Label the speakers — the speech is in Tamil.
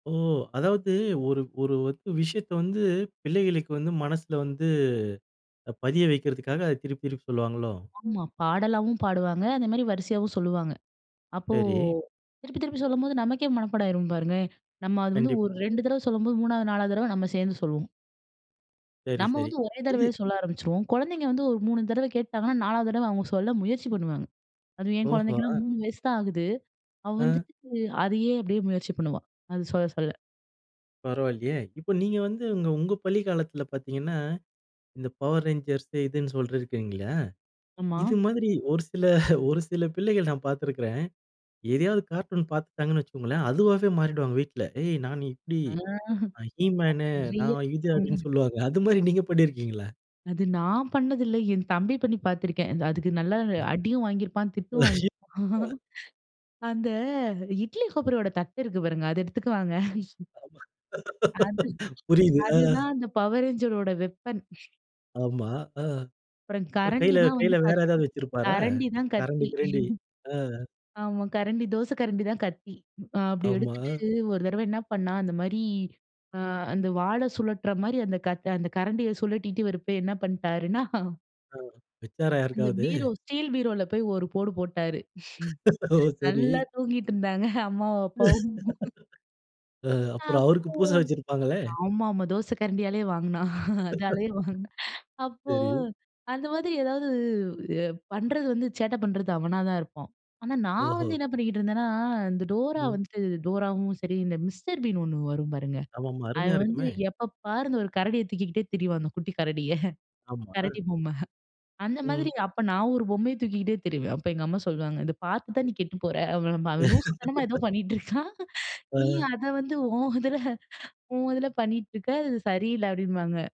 Speaker 1: ஓ! அதாவது ஒரு ஒரு வந்து விஷயத்தை வந்து, பிள்ளைகளுக்கு வந்து மனசுல வந்து அ பதிய வைக்கிறதுக்காக, அதை திருப்பி திருப்பி சொல்லுவாங்களோ?
Speaker 2: ஆமா, பாடலாவும் பாடுவாங்க, அந்த மாரி வரிசையாவும் சொல்லுவாங்க. அப்போ,
Speaker 1: சரி.
Speaker 2: திருப்பி திருப்பி சொல்லும்போது நமக்கே மனப்பாடம் ஆயிரும் பாருங்க! நம்ம அது வந்து,
Speaker 1: கண்டிப்பா.
Speaker 2: ஒரு 2 தடவ சொல்லும்போது, 3வது 4வது தடவ நம்ம சேந்து சொல்லுவோம்.
Speaker 1: சரி,
Speaker 2: நம்ம
Speaker 1: சரி.
Speaker 2: வந்து ஒரே
Speaker 1: இது
Speaker 2: தடவயே சொல்ல ஆரம்பிச்சுருவோம். கொழந்தைங்க வந்து, ஒரு 3 தடவ கேட்டாங்கன்னா, 4வது தடவ அவுங்க சொல்ல முயற்சி பண்ணுவாங்க. அது என்
Speaker 1: ஓஹோ!
Speaker 2: கொழந்தைக்கெல்லாம்
Speaker 1: அ.
Speaker 2: 3 வயசு தான் ஆகுது. அவ
Speaker 1: அ,
Speaker 2: வந்துட்டு, அதையே, அப்படியே முயற்சி பண்ணுவா. அது சொல்ல சொல்ல.
Speaker 1: பரவால்லையே! இப்போ நீங்க வந்து, உங்க உங்க பள்ளி காலத்தில பாத்தீங்கன்னா, இந்த பவர் ரேஞ்சர்ஸ்ஸு, இதுன்னு சொல்லியிருக்கீங்கல்லயா?
Speaker 2: ஆமா.
Speaker 1: இது மாதிரி, ஒரு சில ஒரு சில பிள்ளைகள் நான் பாத்துருக்கிறேன். எதையாவது கார்ட்டூன் பாத்துட்டாங்கன்னு வச்சுக்கோங்களேன், அதுவாவே மாறிடுவாங்க வீட்ல, "ஏய் நான் இப்படி,
Speaker 2: ம்.
Speaker 1: நான் ஹீ மேனு, நான்
Speaker 2: அய்யய்ய!
Speaker 1: இது" அப்டின்னு சொல்லுவாங்க.
Speaker 2: [unintelligible]
Speaker 1: அது மாரி நீங்க பண்ணியிருக்கீங்களா?
Speaker 2: அது நான் பண்ணது இல்ல! என் தம்பி பண்ணி பாத்துருக்கேன். அந்த அதுக்கு நல்லா ந
Speaker 1: அ,
Speaker 2: அடியும் வாங்கிருப்பான், திட்டும் வாங்கிருப்பான்.
Speaker 1: அ,
Speaker 2: அந்த இட்லி கொப்பரயோட தட்டு இருக்கு பாருங்க! அத எடுத்துக்குவாங்க.
Speaker 1: ஆமா.
Speaker 2: அது
Speaker 1: புரியுது, அ,
Speaker 2: அதுதான் அந்த பவர் ரேஞ்சரோட வெப்பன்.
Speaker 1: ஆமா. ஆ,
Speaker 2: அப்புறம்
Speaker 1: அப்புறம்
Speaker 2: கரண்டி
Speaker 1: கையில
Speaker 2: தான்
Speaker 1: கையில
Speaker 2: வந்து
Speaker 1: வேற
Speaker 2: கத்தி.
Speaker 1: ஏதாவது வெச்சிருப்பாரா?
Speaker 2: கரண்டி தான்
Speaker 1: கரண்டி,
Speaker 2: கத்தி
Speaker 1: கிரண்டி. அ.
Speaker 2: ஆமா. கரண்டி, தோசை கரண்டி தான் கத்தி. அ அப்டி எடுத்துட்டு,
Speaker 1: ஆமா.
Speaker 2: ஒரு தரவ என்னா பண்ணான்? அந்த மாரி, அ அந்த வாள சுழட்டுற மாரி அந்த கத் அந்த கரண்டிய சுழட்டிட்டு வரப்ப என்ன பண்ணிட்டாருன்னா?
Speaker 1: அ வெச்சாரா
Speaker 2: அந்த
Speaker 1: யாருக்காவது?
Speaker 2: பீரோ, ஸ்டீல் பீரோல போயி, ஒரு போடு போட்டாரு!
Speaker 1: ஓ! சரி!
Speaker 2: நல்லா தூங்கிட்டு இருந்தாங்க, அம்மாவும் அப்பாவும்.
Speaker 1: அ அப்புறம்
Speaker 2: அப்போ,
Speaker 1: அவருக்கு பூசை வச்சிருப்பாங்களே!
Speaker 2: ஆமா, ஆமா. தோசை கரண்டியாலயே வாங்குனான். அதாலயே வாங்குனான். அப்போ
Speaker 1: சரி.
Speaker 2: அந்த மாதிரி எதாவது எ பண்றது வந்து, சேட்டை பண்றது அவனா தான் இருப்பான். ஆனா நான்
Speaker 1: ஓஹோ!
Speaker 2: வந்து என்னா பண்ணிக்கிட்டு இருந்தேன்னா? இந்த டோரா
Speaker 1: ம்.
Speaker 2: வந்துட்டு, டோராவும் சரி இந்த மிஸ்டர் பீன் ஒண்ணு வரும் பாருங்க,
Speaker 1: ஆமாமா.
Speaker 2: அவன்
Speaker 1: அருமையா
Speaker 2: வந்து
Speaker 1: இருக்குமே!
Speaker 2: எப்ப பாரு, அந்த ஒரு கரடிய தூக்கிகிட்டே திரிவான். அந்த குட்டி கரடிய.
Speaker 1: ஆம்மா.
Speaker 2: கரடி பொம்மை. அந்த மாதிரி
Speaker 1: ம்.
Speaker 2: அப்போ நான் ஒரு பொம்மைய தூக்கிகிட்டே திரிவேன். அப்போ எங்க அம்மா சொல்லுவாங்க, "இத பாத்து தான் நீ கெட்டு போற." அப்டிம்பா. அவன் லூசு தனமா ஏதோ பண்ணீட்டு இருக்கான், நீ
Speaker 1: ஆ,
Speaker 2: அதை வந்து ஒன் இதில, ஒன் இதில பண்ணீட்ருக்க, இது சரியில்லை! அப்டிபாங்க.